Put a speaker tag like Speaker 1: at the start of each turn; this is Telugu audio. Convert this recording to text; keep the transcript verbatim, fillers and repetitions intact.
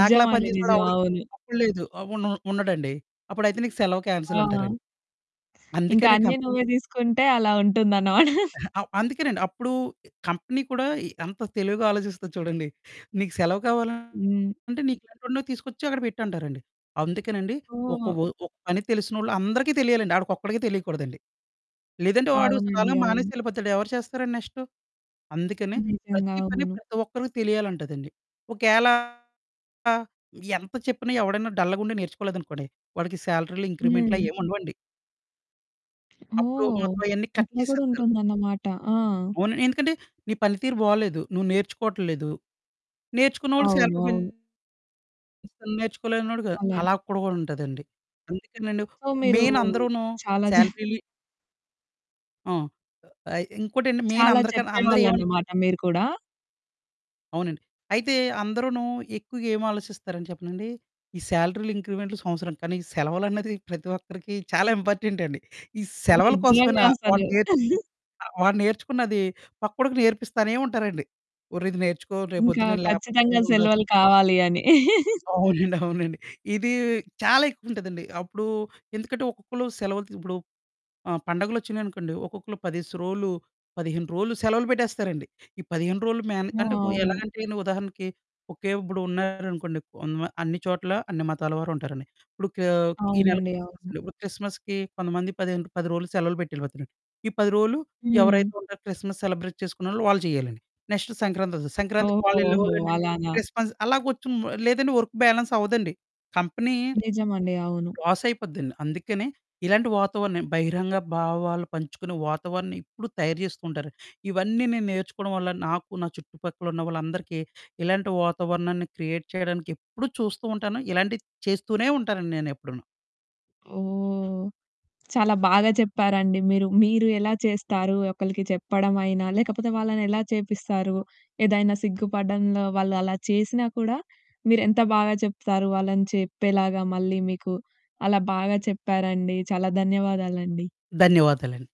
Speaker 1: నాకులా
Speaker 2: నిజం.
Speaker 1: పనిచేసేవాడెవడు
Speaker 2: అవును.
Speaker 1: అప్పుడు లేదు. అవును. ఉండడండి. అప్పుడైతే నీకు సెలవు
Speaker 2: ఆ!
Speaker 1: క్యాన్సెలంటారండి.
Speaker 2: ఇంక
Speaker 1: అందుకనే
Speaker 2: అన్నీ
Speaker 1: కంపెనీ
Speaker 2: నువ్వే దీసుకుంటే, అలా ఉంటుందన్నమాట.
Speaker 1: ఎహె. అవ్ అందుకేనండి అప్పుడూ, కంపెనీ కూడా ఎ ఎంత తెలివిగా ఆలోచిస్తది చూడండి. నీకు సెలవు కావాల
Speaker 2: హ్మ్.
Speaker 1: అంటే నీకెంటోడినో తీసుకొచ్చి అక్కడ పెట్టంటారండి. అందుకేనండి ఒక
Speaker 2: ఓహ్!
Speaker 1: ఓ ఒక పని తెలిసినోళ్ళు అందరికి తెలియాలండి. ఆడికొక్కడికే తెలీకూడదండి. లేదంటే, వాడు సడన్‌గా
Speaker 2: అవునండి. అవును.
Speaker 1: మానేసెళ్ళిపోతాడు, ఎవరు చేస్తారండి నెక్స్టు. అందుకనే
Speaker 2: నిజంగా.
Speaker 1: ప్రతి పని
Speaker 2: అవును.
Speaker 1: ప్రతి ఒక్కరికి తెలియాలంటదండి. ఒకేళ ఆహ్, ఎంత చెప్పినా ఎవడన్నా డల్లగుండి నేర్చుకోలేదనుకోండి, వాడికి శాలరీలో ఇంక్రిమెంట్లు
Speaker 2: హ్మ్.
Speaker 1: అయ్యేముండవండి. అప్పుడూ
Speaker 2: ఓహ్!
Speaker 1: మొత్తం అయన్నీ కట్
Speaker 2: అట్లా గూడా
Speaker 1: చేసేత్తరు.
Speaker 2: ఉంటుందనమాట. ఆ!
Speaker 1: అవును. ఎందుకంటే, నీ పని తీరు బాలేదు, నువ్వు నేర్చుకోటల్లేదు. నేర్చుకున్నోళ్ళకి
Speaker 2: అవును.
Speaker 1: శాలరీ
Speaker 2: అవును.
Speaker 1: పెంచుతారు. అసలు నేర్చుకోలేనోడుగ
Speaker 2: అలన్
Speaker 1: అలా కూడాగ ఉంటదండి. అందుకేనండి,
Speaker 2: సో, మీరూ
Speaker 1: మేయినందరును
Speaker 2: చాలా జ
Speaker 1: శాలరీలి ఆ! ఆహ్, ఇంకోటండి
Speaker 2: చాలా
Speaker 1: మేయినందరికన్ అందరూ ఏవనుకుంట
Speaker 2: చెప్పేవాళ్ళనమాట మీరు కూడా.
Speaker 1: అవునండి. అయితే అందరూనూ ఎక్కువగా ఏమాలోచిస్తారని చెప్పనండీ, ఈ శాలరీలు, ఇంక్రిమెంట్లు సంవత్సరం కానీ, సెలవులన్నది ప్రతి ఒక్కరికి చాలా ఇంపార్టెంటండి. ఈ సెలవుల
Speaker 2: నిజ్జంగా
Speaker 1: కోసమైనా వాడు
Speaker 2: అసలు.
Speaker 1: నేర్చ్ ఆహ్, వాడు నేర్చుకున్నాదీ పక్కోడికి నేర్పిస్తానే ఉంటారండి. ఒర్రిది నేర్చుకో,
Speaker 2: ఇంకా
Speaker 1: రేపొద్దున నేను లేపోతే
Speaker 2: ఖచ్చితంగా
Speaker 1: ఉండదు.
Speaker 2: సెలవులు కావాలి అని.
Speaker 1: అవునండి. అవునండి. ఇదీ చాలా ఎక్కువుంటదండి. అప్పుడూ ఎందుకంటే, ఒక్కొక్కళ్ళు సెలవులు త్ ఇప్పుడు ఆహ్, పండగలొచ్చినియనుకోండి, ఒక్కొక్కళ్ళు పదేసి రోలు, పదిహేను రోలు సెలవులు పెట్టేస్తారండి. ఈ పదిహేను రోలు మేనే
Speaker 2: ఆ!
Speaker 1: అంటే, ఎలా
Speaker 2: అవును.
Speaker 1: అంటేని ఉదాహరణకి, ఓకే. ఇప్పుడు ఉన్నారనుకోండి, కొన్మా అన్ని చోట్లా అన్ని మతాల వారు ఉంటారండి. ఇప్పుడు కా ఈ నెల
Speaker 2: అవునండి.
Speaker 1: క్రిస్‌మస్
Speaker 2: అవును.
Speaker 1: అండి. ఇప్పుడు క్రిస్‌మస్‌కి కొంతమంది పదిహే పది రోలు సెలవులు పెట్టెళ్ళిపోతారండి. ఈ పది రోలు, ఎవరైతే
Speaker 2: హ్మ్.
Speaker 1: ఉంటారో క్రిస్‌మస్ సెలబ్రేట్ చేసుకునేవోళ్ళు వాళ్ళు చెయ్యాలండి. నెక్స్ట్ సంక్రాంతొస్తది, సంక్రాంతికి
Speaker 2: ఓహో! ఓహో!
Speaker 1: వాళ్ళెళ్ళేవోళ్ళండి,
Speaker 2: అలానా.
Speaker 1: క్రిస్‌మస్ అలాగొచ్చుం లేదంటే వర్కు బ్యాలెన్సవ్వదండి. కంపెనీ
Speaker 2: నిజమండి. అవును.
Speaker 1: లాసయిపోద్దండి. అందుకనే ఇలాంటి వాతావరణం బహిరంగ భావాలు పంచుకునే వాతావరణం ఎప్పుడు తయారు చేస్తూ ఉంటారు. ఇవన్నీ నేను నేర్చుకోడం వల్ల, నాకు నా చుట్టుపక్కలున్న వాళ్ళందరికీ ఇలాంటి వాతావరణాన్ని క్రియేట్ చెయడానికెప్పుడూ చూస్తూ ఉంటాను. ఇలాంటియి చేస్తూనే ఉంటానండి నేనెప్పుడూను.
Speaker 2: ఓహ్! చాలా బాగా చెప్పారండి మీరు. మీరు ఎలా చేస్తారు, ఒకళ్ళకి చెప్పడమయినా, లేకపోతే వాళ్ళనెలా చేపిస్తారు, ఏదైనా సిగ్గుపడ్డంలో వాళ్ళు అలా చేసినా కూడా, మీరెంత బాగా చెప్తారు వాళ్ళని చెప్పేలాగా. మళ్ళీ మీకు అలా బాగా చెప్పారండి. చాలా ధన్యవాదాలండి.
Speaker 1: ధన్యవాదాలండి.